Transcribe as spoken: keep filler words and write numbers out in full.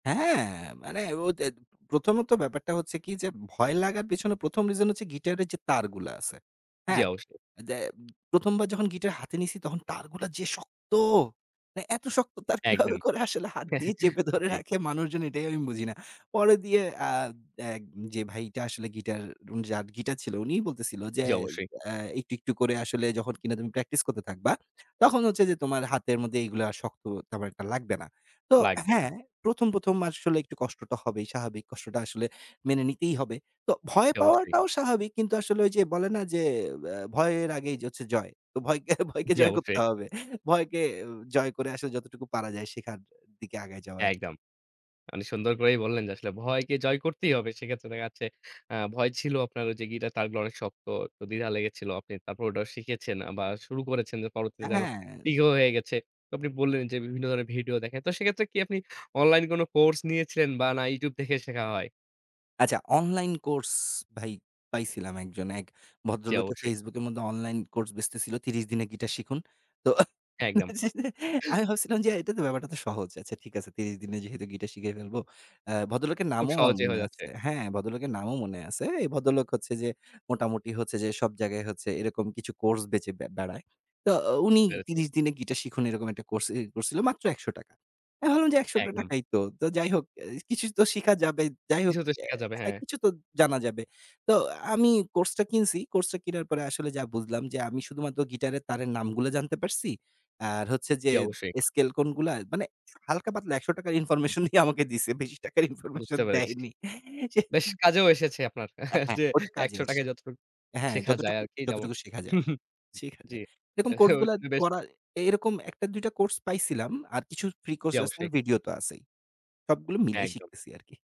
হ্যাঁ, মানে ও ত্যাত প্রথমত ব্যাপারটা হচ্ছে কি? যে, ভয় লাগার পেছনে প্রথম রিজন হচ্ছে গিটারের যে, তারগুলা আছে। জি, হ্যাঁ? অবশ্যই। যে, প্রথমবার যখন গিটার হাতে নিছি, তখন তারগুলা যে, শক্ত! মানে, এত শক্ত তার একদম। কীভাবে করে হাত দিয়ে চেপে ধরে জি। রাখে মানুষজন, এটাই আমি বুঝি না। পরে দিয়ে আদ এক যে, ভাইটা আসলে গিটার, যার গিটার ছিল, উনিই বলতেছিল যে, জি, অবশ্যই। আ "একটু, একটু করে আসলে যখন কিনা তুমি প্র্যাকটিস করতে থাকবা, তখন হচ্ছে যে, তোমার হাতের মধ্যে এগুলো আর শক্ত তেমন একটা লাগবে না।" তো লাগবে হ্যাঁ, না। প্রথম, প্রথম আসলে একটু কষ্টটা হবেই স্বাভাবিক। কষ্টটা আসলে মেনে নিতেই হবে। তো ভয় অবশ্যই। পাওয়াটাও স্বাভাবিক। কিন্তু আসলে ঐ যে, বলে না? যে, আ "ভয়ের আগেই হচ্ছে জয়।" তো ভয়কে, ভয়কে জি, জয় করতে অবশ্যই। হবে। ভয়কে জয় করে আসলে যতটুকু পারা যায়, শেখার দিকে আগায় যাওয়া একদম। মানে সুন্দর করেই বললেন যে, আসলে ভয়কে জয় করতেই হবে। সেক্ষেত্রে দেখা যাচ্ছে, আ ভয় ছিল আপনার ওইযে, গিটার তারগুলো অনেক শক্ত, তো দ্বিধা লেগেছিল। তারপর ওটা শিখেছেন বা শুরু করেছেন যে, পরবর্তীতে আ যেন হ্যাঁ। ইগো হয়ে গেছে। তো আপনি বললেন যে, বিভিন্ন ধরনের ভিডিও দেখেন। তো সেক্ষেত্রে কি আপনি অনলাইন কোনো কোর্স নিয়েছিলেন বা না YouTube দেখে শেখা হয়? আচ্ছা, অনলাইন কোর্স ভাই পাইছিলাম একজন, এক জি, ভদ্রলোকে অবশ্যই। Facebook এর মধ্যে অনলাইন কোর্স বেচতেছিল। "ত্রিশ দিনে গিটার শিখুন।" তো একদম। আমি ভাবছিলাম যে, এটা তো ব্যাপারটা তো সহজ। "আচ্ছা ঠিক আছে, ত্রিশ দিনে যেহেতু গিটার শিখিয়ে ফেলব।" আ ভদ্রলোকের খুব নামও আমার সহজেই মনে হয়ে যাচ্ছে। আছে। হ্যাঁ? ভদ্রলোকের নামও মনে আছে। এই ভদ্রলোক হচ্ছে যে, মোটামুটি হচ্ছে যে, সব জায়গায় এরকম কিছু কোর্স বেঁচে ব্যা বেড়ায়। তো উনি বুঝতে পেরছি। "ত্রিশ দিনে গিটার শিখুন।" এরকম একটা কোর্স এ করছিল। মাত্র একশো টাকা। এখন আমি বললাম যে, একশো টা একদম। টাকাই তো। তো যাই হোক, কিছু তো শিখা যাবে, যাই হোক, কিছুতো শিখা যাবে, অ্যা হ্যাঁ। কিছু তো জানা যাবে। তো আমি কোর্সটা কিনছি, কোর্সটা কিনার পরে আসলে বুঝলাম যে, আমি শুধুমাত্র গিটারের তারের নামগুলো জানতে পারছি। আর হচ্ছে যে, জি, অবশ্যই। স্কেল কোনগুলা? মানে হালকা-পাতলা একশো টাকার ইনফরমেশনই আমাকে দিছে। বেশি টাকার ইনফরমেশন বুঝতে পেরেছি। দেয়নি। সে বেশ কাজেও এসেছে আপনার অ্যা হ্যাঁ, যে, ওটা কাজে একশো টাকায় এসেছে। যতটুক হ্যাঁ, শেখা যায় যতটুকু, আরকি। যেমন যতটুকু শেখা যায়। শেখা জি। যায়, এরকম কোর্সগুলো এ বেশ করা, এরকম এক টা দুই টা কোর্স পাইছিলাম। আর কিছু ফ্রি কোর্স, জি, লেসন অবশ্যই। ভিডিও তো আছেই। সবগুলো মিলাই একদম। শিখতেছি আরকি।